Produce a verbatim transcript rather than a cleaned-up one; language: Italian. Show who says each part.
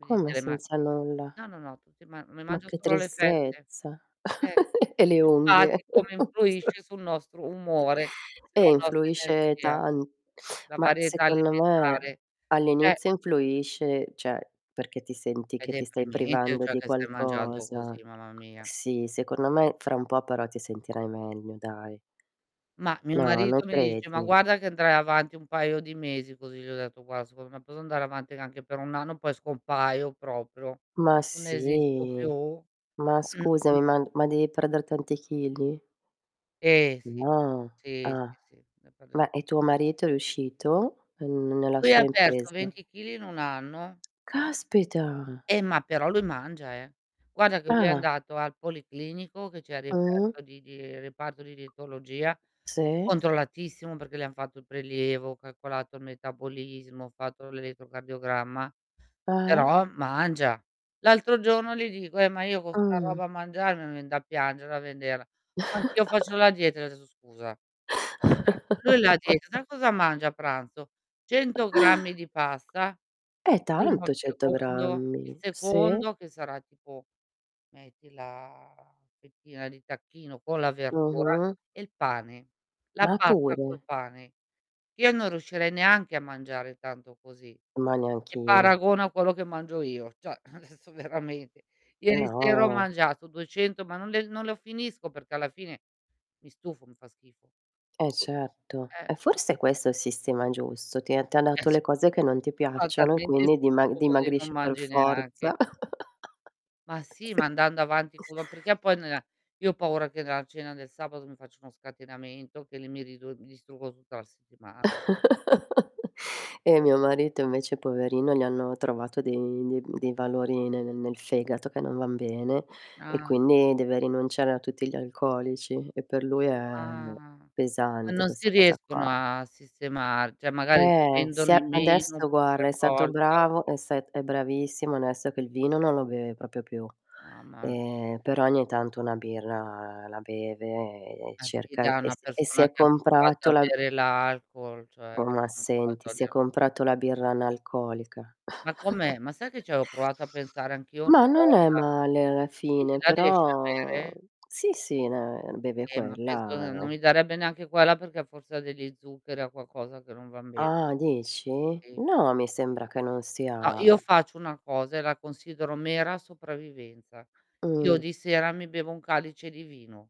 Speaker 1: Quindi te
Speaker 2: Come
Speaker 1: le ma
Speaker 2: senza nulla?
Speaker 1: no, no, no tutti ma mi
Speaker 2: Ma
Speaker 1: mangio
Speaker 2: che
Speaker 1: solo le fette.
Speaker 2: tristezza,
Speaker 1: Eh,
Speaker 2: e le unghie.
Speaker 1: infatti come influisce sul nostro umore,
Speaker 2: Eh,
Speaker 1: sulla nostra
Speaker 2: influisce
Speaker 1: energia,
Speaker 2: tan
Speaker 1: la
Speaker 2: ma
Speaker 1: varietà
Speaker 2: secondo me
Speaker 1: alimentare, ceh
Speaker 2: all'inizio
Speaker 1: [unintelligible]
Speaker 2: influisce, ceh perché ti senti
Speaker 1: È
Speaker 2: che ti stai
Speaker 1: deprimente
Speaker 2: privando
Speaker 1: cioè
Speaker 2: di
Speaker 1: che stai mangiando
Speaker 2: qualcosa.
Speaker 1: così, mamma mia.
Speaker 2: Sì, secondo me fra un po' però ti sentirai meglio dai.
Speaker 1: Ma mio
Speaker 2: No, non
Speaker 1: marito mi dice: "Ma
Speaker 2: credi?
Speaker 1: guarda che andrai avanti un paio di mesi così" Gli ho detto: "Guar secondo me posso andare avanti anche per un anno poi scompaio proprio.
Speaker 2: Ma
Speaker 1: Non esisto
Speaker 2: sì,
Speaker 1: più."
Speaker 2: ma scusami, ma ma devi perder tanti chili?
Speaker 1: Eh, sì.
Speaker 2: No,
Speaker 1: Sì,
Speaker 2: ah.
Speaker 1: sì, sì.
Speaker 2: Ma, e tuo
Speaker 1: [unintelligible]
Speaker 2: marito è riuscito n nella
Speaker 1: Lui
Speaker 2: sua
Speaker 1: ha perso
Speaker 2: impresa?
Speaker 1: venti chili in un anno.
Speaker 2: Caspita!
Speaker 1: Eh, ma però lui mangia, eh. Guarda che lui è
Speaker 2: Ah.
Speaker 1: andato al policlinico che c'è il
Speaker 2: Mh-mh.
Speaker 1: reperto di di reparto di dietologia,
Speaker 2: Sì.
Speaker 1: controllatissimo perché le han fatto il prelievo, cacolato il metabolismo, fatto l'elettrocardiogramma,
Speaker 2: Eh.
Speaker 1: però mangia. L'altro giorno gli dico: "Eh, ma io con 'sta
Speaker 2: Mh.
Speaker 1: roba mangiare me vien da piangere a vederla." "Anch'io faccio la dieta" Gli ho detto: "Scusa." ceh, lui da dieta sai cosa mangia a pranzo? cento grammi di pasta,
Speaker 2: È
Speaker 1: il primo,
Speaker 2: tanto
Speaker 1: il
Speaker 2: cento
Speaker 1: secondo, il
Speaker 2: grammi, sì.
Speaker 1: secondo che sarà tipo metti la fettina di tacchino con la verdura
Speaker 2: Mh-mh.
Speaker 1: e il pane. La
Speaker 2: Ma
Speaker 1: pasta col
Speaker 2: pure!
Speaker 1: pane. Io non riuscirei neanche a mangiare tanto così
Speaker 2: Ma
Speaker 1: e
Speaker 2: neanch'io.
Speaker 1: paragona a quello che mangio io, ceh, adesso veramente. Ieri sera ho
Speaker 2: No.
Speaker 1: mangiato duecento, ma non le non lo finisco perché alla fine mi stufo, mi fa schifo
Speaker 2: Eh
Speaker 1: tu
Speaker 2: certo, e
Speaker 1: eh, tu
Speaker 2: forse questo è il sistema giusto, ti ha t'ha
Speaker 1: Eh
Speaker 2: dato le
Speaker 1: cer
Speaker 2: cose che non ti
Speaker 1: fa
Speaker 2: piacciono e
Speaker 1: talmente
Speaker 2: quindi dima
Speaker 1: schifo così non
Speaker 2: dimagrisci per
Speaker 1: mangi neanche.
Speaker 2: forza.
Speaker 1: Ma sì, ma
Speaker 2: Sì
Speaker 1: andando avanti puro perché poi nea io ho paura che nella cena del sabato mi faccia uno scatenamento, che li mi ridu mi distruggo tutta la settimana.
Speaker 2: Eh mio marito invece poverino gli hanno trovato dei dei dei valori ne nel fegato che non van bene e
Speaker 1: Ah.
Speaker 2: quindi deve rinunciare a tutti gli alcolici e per lui è
Speaker 1: Ah. Ma
Speaker 2: pesante
Speaker 1: non si
Speaker 2: questa cosa
Speaker 1: riescono
Speaker 2: qua.
Speaker 1: a sistemar ceh, magari
Speaker 2: Eh,
Speaker 1: bevendolo
Speaker 2: sì a
Speaker 1: meno, un
Speaker 2: adesso
Speaker 1: po'
Speaker 2: guarda
Speaker 1: per
Speaker 2: è stato
Speaker 1: volta.
Speaker 2: bravo, è st è bravissimo, onesto che il vino non lo beve propio più,
Speaker 1: Mamma mia.
Speaker 2: ehm, però ogni tanto una birra la beve e
Speaker 1: Ma sì
Speaker 2: cerca
Speaker 1: da
Speaker 2: e
Speaker 1: una
Speaker 2: si e si
Speaker 1: persona
Speaker 2: è
Speaker 1: che è abituata
Speaker 2: comprato
Speaker 1: a
Speaker 2: la
Speaker 1: bere l'alcol, cioè
Speaker 2: ...o ma
Speaker 1: non puoi
Speaker 2: senti si è
Speaker 1: torglier
Speaker 2: comprato la birra analcolica.
Speaker 1: Ma com'è? Ma sai che c'avevo provato a pensare anch' io
Speaker 2: Ma
Speaker 1: una
Speaker 2: non è
Speaker 1: volta?
Speaker 2: male alla
Speaker 1: Sì,
Speaker 2: fine
Speaker 1: la riesci a
Speaker 2: però
Speaker 1: bere?
Speaker 2: sì, sì, ne beve
Speaker 1: Eh, ma penso
Speaker 2: quella
Speaker 1: non
Speaker 2: e
Speaker 1: mi darebbe neanche quella perché forse degli zuccheri, ha qualcosa che non van bene.
Speaker 2: Ah dici?
Speaker 1: Sì.
Speaker 2: No, mi sembra che non
Speaker 1: No,
Speaker 2: sia
Speaker 1: io faccio una cosa e la considero mera sopravvivenza. Io
Speaker 2: Mh.
Speaker 1: di sera mi bevo un calice di vino.